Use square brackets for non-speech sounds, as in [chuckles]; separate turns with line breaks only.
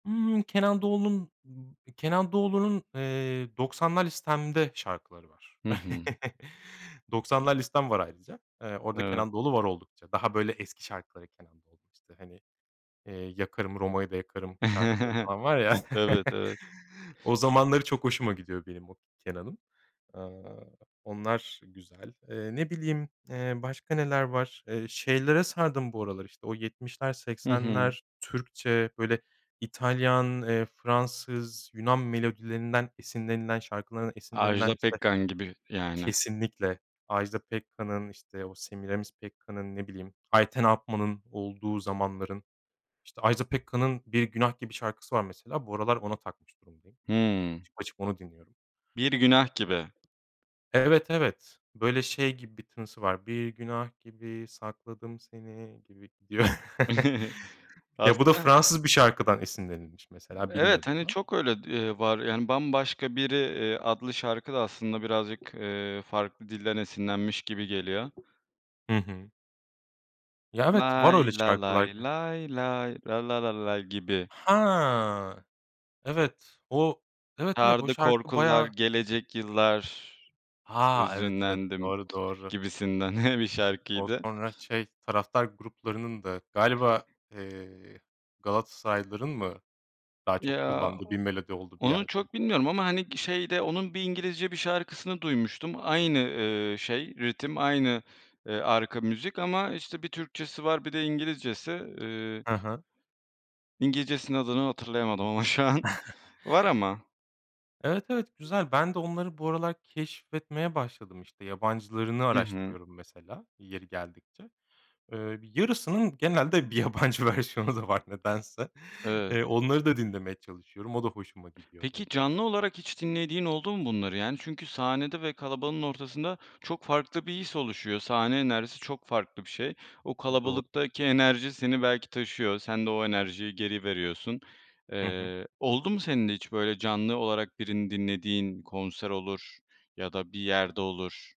Imm, Kenan Doğulu'nun, ııı, Kenan Doğulu'nun, eee, 90'lar listemde şarkıları var.
Hı hı.
[chuckles] 90'lar listem var ayrıca. Eee, orada
Evet.
Kenan Doğulu var oldukça. Daha böyle eski şarkıları Kenan Doğulu'nun, işte, hani, eee, "Yakarım, Roma'yı da Yakarım" şarkıları
[chuckles]
falan var ya.
Evet,
[chuckles]
evet.
O zamanları çok hoşuma gidiyor benim o Kenan'ın. Aaa, onlar güzel. Eee, ne bileyim, eee, başka neler var? Eee, şeylere sardım bu aralar, işte, o 70'ler,
Hı hı.
80'ler Türkçe böyle İtalyan, eee, Fransız, Yunan melodilerinden esinlenilen, şarkıların
Ajda
esinlenilen işte
Pekkan gibi, yani.
Kesinlikle Ajda Pekkan'ın işte, o Semiramis Pekkan'ın ne bileyim Ayten Alpman'ın olduğu zamanların işte, Ajda Pekkan'ın "Bir Günah Gibi" şarkısı var mesela, bu aralar ona takmış durumdayım.
Hımm.
Açıp açıp onu dinliyorum.
Bir Günah
[unintelligible]
Gibi.
Evet, evet. Böyle şey gibi bir tınısı var. Bir Günah Gibi sakladım seni gibi. [unintelligible]
[chuckles]
[chuckles] Ya bu da
Aslında
Fransız bir şarkıdan esinlenilmiş mesela,
Evet,
bilmiyordum
hani,
ben.
çok öyle, d eee, var yani, "Bambaşka Biri", eee, adlı şarkı da aslında birazcık, eee, farklı dilden esinlenmiş gibi geliyor.
Hı hı. Ya, evet, var
Lay
öyle
la
şarkılar
lay
ya.
lay lay la la la lay gibi.
Ha. Evet, o, evet, evet o
Sardı
şarkı
korkular
bayağı
gelecek yıllar,
Ha, evet, evet.
hüzünlendim
Doğru, doğru.
gibisinden [chuckles] bir
O
şarkıydı.
sonra şey taraftar gruplarının da galiba, eee, Galatasaraylıların mı daha çok
Ya,
kullandığı
o
bir melodi oldu bir
onu
yerde?
çok bilmiyorum ama hani, g şeyde onun bir İngilizce bir şarkısını duymuştum. Aynı, ııı, şey ritim, aynı, eee, arka müzik ama işte, bir Türkçesi var, bir de İngilizcesi, ııı
Hı hı.
İngilizcesinin adını hatırlayamadım ama şu an.
[chuckles]
Var ama.
Evet, evet, güzel. Ben de onları bu aralar keşfetmeye başladım, işte, yabancılarını
I hı.
araştırıyorum mesela yeri geldikçe. Eee, bir yarısının genelde bir yabancı versiyonu da var nedense.
Evet.
Eee, onları da dinlemeye çalışıyorum. O da hoşuma gidiyor bu
Peki,
arada.
canlı olarak hiç dinlediğin oldu mu bunları, yani? Çünkü sahnede ve kalabalığın ortasında çok farklı bir his oluşuyor. Sahne enerjisi çok farklı bir şey. O
I doğru.
kalabalıktaki enerji seni belki taşıyor. Sen de o enerjiyi geri veriyorsun.
Hı hı.
Eee, oldu mu senin de hiç böyle canlı olarak birini dinlediğin, konser olur ya da bir yerde olur?